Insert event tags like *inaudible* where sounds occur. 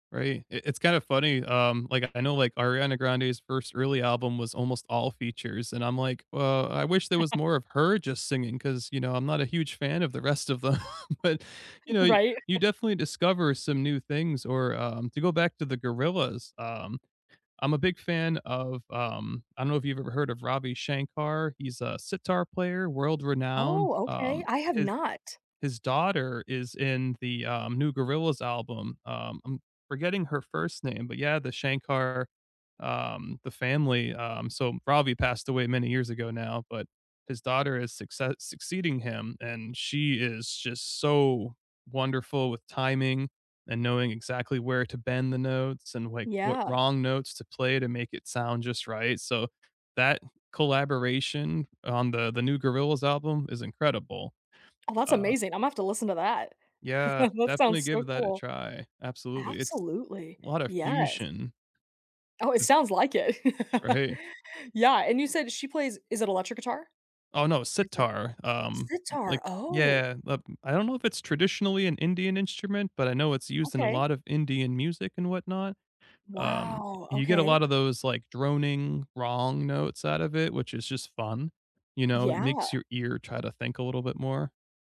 Right, I it's kinda funny, um, like, I know, like, Ariana Grande's first early album was almost all features, and I'm like, "Well, I wish there was *laughs* more of her just singing," 'cause, you know, I'm not a huge fan of the rest of them. But, you know, y Right. you *chuckles* definitely discover some new things. Or, um, to go back to the Gorillaz, um, I'm a big fan of, um I don't know if you've ever heard of Ravi Shankar. He's a sitar player, world-renowned, Oh, okay. um, I have his not. his daughter is in the, uh, new Gorillaz album. Um, I'm forgetting her first name, but, yeah, the Shankar, um, the family, um So Ravi passed away many years ago now, but his daughter is succe succeeding him, and she is just so wonderful with timing and knowing exactly where to bend the notes and, like, what Yeah. wrong notes to play to make it sound just right. So that collaboration on the the new Gorillaz album is incredible. Oh, that's Uh amazing. I’m have to listen to that. Yeah, *chuckles* That sounds definitely so give that a cool. try. Absolutely. It's Absolutely. lotta Yes. fusion. Oh, it sounds like it. Or *laughs* hey Yeah, and you said she plays is it electric guitar? Oh, no, It's not Sitar, um, Sitar. like, Oh. yeah *unintelligible* I don't know if it's traditionally an Indian instrument, but I know it's used in a Okay. lot of Indian music and whatnot. Um, Wow, you get a okay. lotta those, like, droning wrong notes out of it, which is just fun, you know? It Yeah. makes your ear try to think a little bit more.